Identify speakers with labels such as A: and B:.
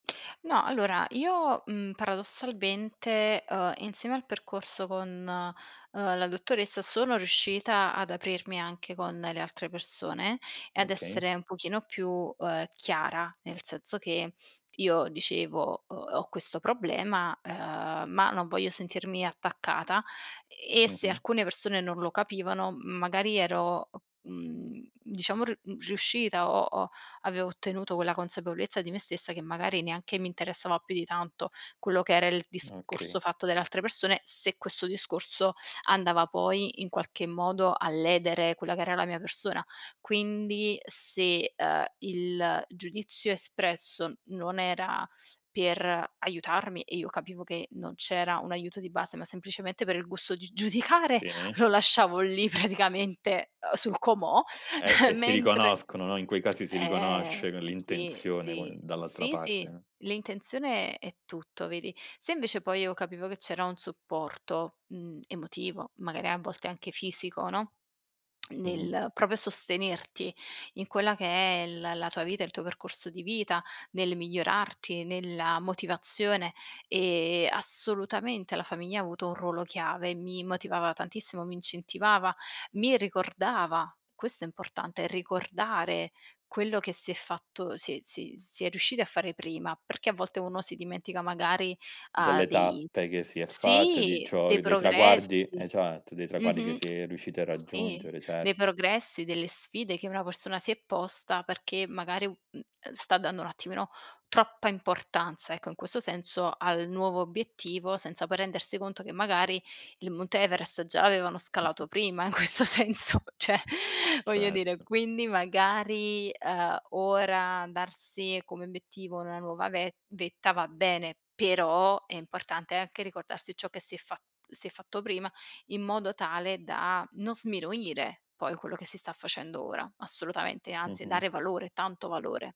A: No, allora io, mhmm, paradossalmente, uhm, insieme al percorso con, uhm, la dottoressa sono riuscita ad aprirmi anche con le altre persone e ad
B: Okay.
A: essere un pochino più, uhm, chiara. Nel senso che io dicevo, uhm, ho questo problema, ehm, ma non voglio sentirmi attaccata e se
B: Mh-mh
A: alcune persone non lo capivano magari ero, mhmm, diciamo r mhmm, riuscita o o avevo ottenuto quella consapevolezza di me stessa che magari neanche mi interessava più di tanto quello che era il
B: Okay.
A: discorso fatto dalle altre persone, se questo discorso andava poi in qualche modo a ledere quella che era la mia persona. Quindi se, uhm, il giudizio espresso non era per aiutarmi e io capivo che non c'era un aiuto di base, ma semplicemente per il gusto di giudicare,
B: Sì.
A: lo lasciavo lì praticamente, uhm, sul comò,
B: E e si
A: mentre
B: riconoscono, no, in quei casi si
A: ehm,
B: riconosce c
A: sì,
B: l'intenzione qu
A: sì.
B: dall'altra
A: Sì sì,
B: parte.
A: l'intenzione è tutto vedi. Se invece poi io capivo che c'era un supporto, mhmm, emotivo, magari a volte anche fisico, no,
B: Mh-mh.
A: nel proprio sostenerti in quella che è la la tua vita, il tuo percorso di vita, nel migliorarti, nella motivazione e assolutamente la famiglia ha avuto un ruolo chiave, mi motivava tantissimo, mi incentivava, mi ricordava. Questo è importante: ricordare quello che si è fatto si è si si è riusciti a fare prima, perché a volte uno si dimentica magari, ha
B: Delle
A: dei
B: tappe che si è fatto, di
A: sì,
B: ciò
A: dei
B: dei traguardi
A: progressi.
B: esatto, dei traguardi che
A: Mh-mh.
B: si è riusciti a
A: Sì,
B: raggiungere,
A: dei
B: certo.
A: progressi, delle sfide che una persona si è posta perché magari u uhm, ehm, sta dando un attimino troppa importanza ecco, in questo senso, al nuovo obiettivo, senza poi rendersi conto che magari il monte Everest già l'avevano
B: Mh-mh.
A: scalato prima in questo senso, cioè, voglio dire.
B: Certo.
A: Quindi magari, uhm, ora darsi come obiettivo una nuova ve vetta va bene, però è importante anche ricordarsi ciò che si è fa si è fatto prima, in modo tale da non sminuire poi quello che si sta facendo ora, assolutamente, e anzi, e
B: Mh-mh.
A: dare valore, tanto valore.